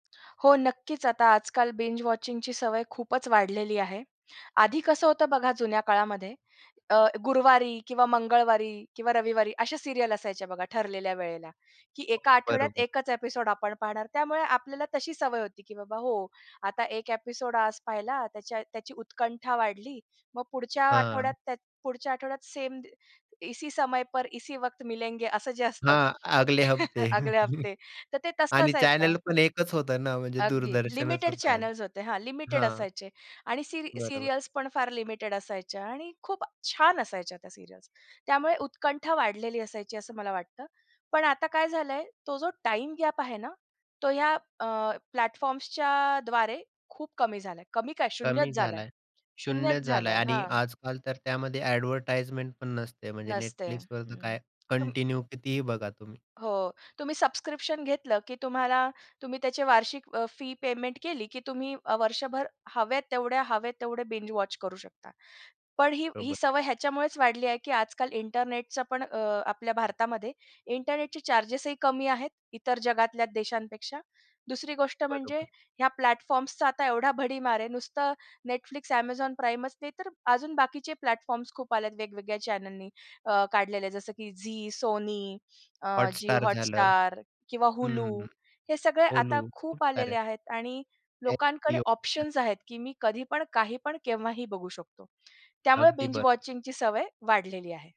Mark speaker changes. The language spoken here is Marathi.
Speaker 1: हो, नक्कीच आता आजकाल बिंज वॉचिंग ची सवय खूपच वाढलेली आहे. आधी कसं होतं बघा जुन्या काळामध्ये, अ, गुरुवारी किंवा मंगळवारी किंवा रविवारी अशा सीरियल असायचे बघा ठरलेल्या वेळेला, की एका
Speaker 2: हो,
Speaker 1: आठवड्यात
Speaker 2: बरोबर.
Speaker 1: एकच एपिसोड आपण पाहणार. त्यामुळे आपल्याला तशी सवय होती की बाबा हो, आता एक एपिसोड आज पाहिला, त्याच्या त्याची उत्कंठा वाढली. मग पुढच्या आठवड्यात
Speaker 2: हां.
Speaker 1: त्या पुढच्या आठवड्यात त्या सेम सेम इसी समय पर इसी वक्त मिलेंगे असं जे असतं.
Speaker 2: हां, अगले हफ्ते
Speaker 1: अगले हफ्ते तर ते तसं
Speaker 2: आणि
Speaker 1: असायचं.
Speaker 2: चॅनेल पण 1 च होत ना, म्हणजे
Speaker 1: अगदी
Speaker 2: दूरदर्शनच
Speaker 1: लिमिटेड
Speaker 2: होतं आधी,
Speaker 1: चॅनल्स होते हां, लिमिटेड
Speaker 2: हां.
Speaker 1: असायचे आणि सीरि
Speaker 2: बरोबर.
Speaker 1: सीरियल्स पण फार लिमिटेड असायच्या आणि खूप छान असायच्या त्या सीरियल्स. त्यामुळे उत्कंठा वाढलेली असायची असं मला वाटतं. पण आता काय झालंय, तो जो टाईमगॅप आहे ना. तो ह्या अ, प्लॅटफॉर्म्सच्या द्वारे खूप कमी झालाय. कमी काय?
Speaker 2: कमी
Speaker 1: शून्यच झालाय.
Speaker 2: झालाय. शून्य
Speaker 1: शून्यच
Speaker 2: झालाय
Speaker 1: झालाय
Speaker 2: आणि
Speaker 1: हां.
Speaker 2: आजकाल तर त्यामध्ये ॲडव्हर्टाइजमेंट पण नसते. म्हणजे
Speaker 1: नसते,
Speaker 2: Netflixवर तर
Speaker 1: हं.
Speaker 2: काय
Speaker 1: तुम
Speaker 2: कंटिन्यू कितीही बघा तुम्ही.
Speaker 1: हो, तुम्ही सबस्क्रिप्शन घेतलं, की तुम्हाला तुम्ही त्याची वार्षिक अ, फी पेमेंट केली, की तुम्ही वर्षभर हवेत तेवढ्या, हवेत तेवढे बिंज वॉच करू शकता. पण ही ही
Speaker 2: बरोबर.
Speaker 1: सवय ह्याच्यामुळेच वाढली आहे, की आजकाल इंटरनेटचा पण अ, आपल्या भारतामध्ये इंटरनेटचे चार्जेस ही कमी आहेत इतर जगातल्या देशांपेक्षा. दुसरी गोष्ट म्हणजे
Speaker 2: बरोबर.
Speaker 1: ह्या प्लॅटफॉर्म्स चा आता एवढा भडीमार आहे. नुसतं Netflix, Amazon Primeच नाही तर अजून बाकीचे प्लॅटफॉर्म्स खूप आलेत वेगवेगळ्या चॅनेलनी काढलेले आहेत जसं की झी, Sony, अ,
Speaker 2: Hotstar झालं.
Speaker 1: जिओहॉटस्टार किंवा
Speaker 2: हं,
Speaker 1: Hulu
Speaker 2: हं,
Speaker 1: हे सगळे आता
Speaker 2: Hulu खूप
Speaker 1: खूप
Speaker 2: साऱ्या
Speaker 1: आलेले आहेत आणि लोकांकडे
Speaker 2: [unintelligible]
Speaker 1: ऑप्शन्स आहेत, की मी कधी पण काही पण केव्हाही बघू शकतो. त्यामुळे
Speaker 2: अगदी
Speaker 1: बिंज
Speaker 2: बरं
Speaker 1: वॉचिंगची सवय वाढलेली आहे.